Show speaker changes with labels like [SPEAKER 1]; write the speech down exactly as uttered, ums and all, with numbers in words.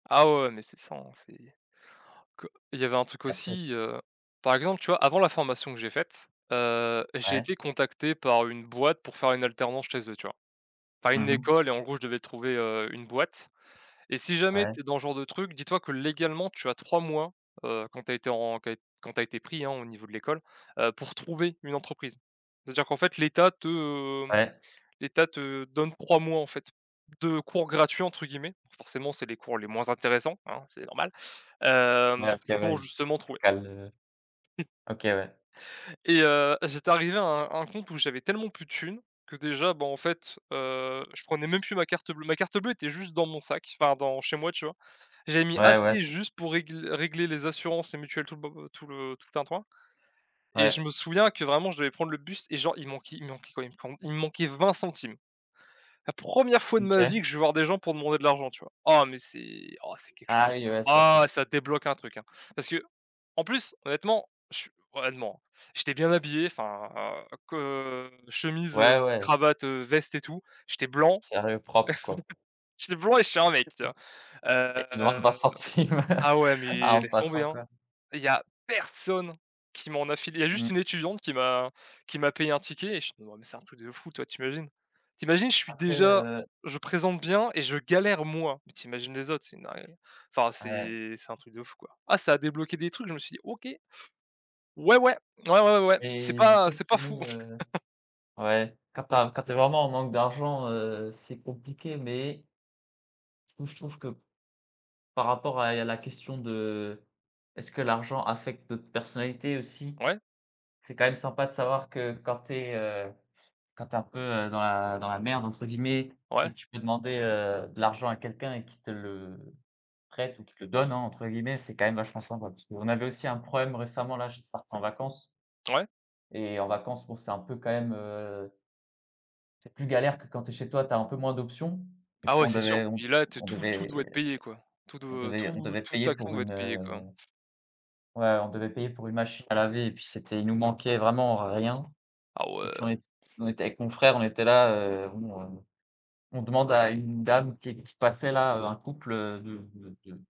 [SPEAKER 1] Ah ouais, ouais, mais, c'est ça en c'est que il y avait un truc
[SPEAKER 2] Après c
[SPEAKER 1] aussi, heu, par exemple, tu vois avant la formation que j'ai faite, heu, j'ai
[SPEAKER 2] Ouais.
[SPEAKER 1] été contacté par une boîte pour faire une alternance chez eux, tu vois? Enfin, une
[SPEAKER 2] Mmh mh.
[SPEAKER 1] école et en gros, je devais trouver, heu, une boîte et si jamais
[SPEAKER 2] Ouais.
[SPEAKER 1] tu es dans ce genre de truc, dis-toi que légalement tu as trois mois, heu, quand tu as été en qu quand tu as été pris, hein, au niveau de l'école, heu, pour trouver une entreprise. C'est-à-dire qu'en fait l'Etat te, hem,
[SPEAKER 2] Ouais.
[SPEAKER 1] l'Etat te donne trois mois en fait, de cours «gratuits» entre guillemets, donc forcément c'est les cours les moins intéressants, hein, c'est normal. Hem,
[SPEAKER 2] Ouais,
[SPEAKER 1] t
[SPEAKER 2] c'est vrai,
[SPEAKER 1] pour
[SPEAKER 2] il il
[SPEAKER 1] justement
[SPEAKER 2] te
[SPEAKER 1] trouver
[SPEAKER 2] cale, heu. Ok, ouais.
[SPEAKER 1] et heu, j'étais arrivé à un à un compte où j'avais tellement plus de thunes, que déjà, bah, en fait, heu, je prenais même plus ma carte bleue. Ma carte bleue était juste dans mon sac, enfin, dans chez moi, tu vois? J'avais mis
[SPEAKER 2] Ouais, ouais.
[SPEAKER 1] assez juste pour régl régler les assurances et mutuelles tout le bo heu, tout le tout le tintouin et je
[SPEAKER 2] Ouais.
[SPEAKER 1] me souviens que vraiment je devais prendre le bus et genre, il manquait il manquait [unintelligible] comb il me manquait vingt centimes. La première fois de ma vie
[SPEAKER 2] OK.
[SPEAKER 1] que je vais voir des gens pour demander de l'argent, tu vois? Ah mais c'est ah c'est quelque chose!
[SPEAKER 2] Ah oui, ouais, ça
[SPEAKER 1] Ah
[SPEAKER 2] c'est
[SPEAKER 1] ouais, ça te débloque un truc, hein! Parce qu'en plus honnêtement, je suis honnêtement, hein, j'étais bien habillé enfin que, chemise,
[SPEAKER 2] ouais,
[SPEAKER 1] heu,
[SPEAKER 2] ouais.
[SPEAKER 1] cravate, heu, veste et tout, j'étais blanc.
[SPEAKER 2] Sérieux, propre quoi.
[SPEAKER 1] J'étais blanc et je suis un mec, tu
[SPEAKER 2] [unintelligible]
[SPEAKER 1] vois!
[SPEAKER 2] Et tu demandes vingt
[SPEAKER 1] Heu,
[SPEAKER 2] centimes,
[SPEAKER 1] ah ouais,
[SPEAKER 2] à
[SPEAKER 1] mais
[SPEAKER 2] un
[SPEAKER 1] laisse tomber,
[SPEAKER 2] passant,
[SPEAKER 1] hein!
[SPEAKER 2] quoi.
[SPEAKER 1] Il y a personne qui m'en a filé! Il y a juste
[SPEAKER 2] Mmh.
[SPEAKER 1] une étudiante qui m'a qui m'a payé un ticket et ch non mais mais c'est un truc de fou, tu vois. Tu imagines? Tu imagines, je suis
[SPEAKER 2] Après,
[SPEAKER 1] déjà
[SPEAKER 2] heu
[SPEAKER 1] je présente bien et je galère, moi! Mais tu imagines les autres, c'est une dinguerie, enfin
[SPEAKER 2] Ouais.
[SPEAKER 1] c'est c'est un truc de fou quoi. Ah ça a débloqué des trucs! Je me suis dit: «OK. Ouais, ouais! Ouais, ouais, ouais, c'est
[SPEAKER 2] Et je
[SPEAKER 1] pas
[SPEAKER 2] sais que
[SPEAKER 1] c'est pas
[SPEAKER 2] chez
[SPEAKER 1] fou en
[SPEAKER 2] nous,
[SPEAKER 1] fait».
[SPEAKER 2] heu ouais, quand tu as quand tu es vraiment en manque d'argent, heu, c'est compliqué, mais je trouve je trouve que par rapport à il y a la question de est-ce que l'argent affecte notre personnalité, aussi?
[SPEAKER 1] Ouais.
[SPEAKER 2] C'est quand même sympa de savoir que quand tu es, heu, quand tu es un peu, heu, dans la dans la «merde» entre guillemets, et
[SPEAKER 1] Ouais.
[SPEAKER 2] que tu peux demander, heu, de l'argent à quelqu'un et qu'il te le prête ou qu'il te le «donne» hein, entre guillemets, c'est quand même vachement sympa parce qu'on avait aussi un problème récemment là, juste parte en vacances
[SPEAKER 1] Ouais.
[SPEAKER 2] et en vacances, bon c'est un peu quand même, heu c'est plus galère que quand tu es chez toi, tu as un peu moins d'options et
[SPEAKER 1] Ah
[SPEAKER 2] puis
[SPEAKER 1] ouais,
[SPEAKER 2] on
[SPEAKER 1] c'est sûr.
[SPEAKER 2] devait on
[SPEAKER 1] Puis
[SPEAKER 2] te
[SPEAKER 1] là, tu es
[SPEAKER 2] on
[SPEAKER 1] tout tout
[SPEAKER 2] devait
[SPEAKER 1] doit être payén quoi. Tout
[SPEAKER 2] on
[SPEAKER 1] doit
[SPEAKER 2] devait on
[SPEAKER 1] tout
[SPEAKER 2] devait
[SPEAKER 1] toute
[SPEAKER 2] payer
[SPEAKER 1] action
[SPEAKER 2] pour
[SPEAKER 1] doit
[SPEAKER 2] une,
[SPEAKER 1] être
[SPEAKER 2] heu
[SPEAKER 1] payée quoi, hein.
[SPEAKER 2] ouais, on devait payer pour une machine à laver et puis c'était il nous manquait vraiment rien
[SPEAKER 1] Ah
[SPEAKER 2] et
[SPEAKER 1] ouais!
[SPEAKER 2] puis on ét on était avec mon frère, on était là, heu, bon, heu, on demande à une dame qui qui passait là, heu, un couple, heu, de de de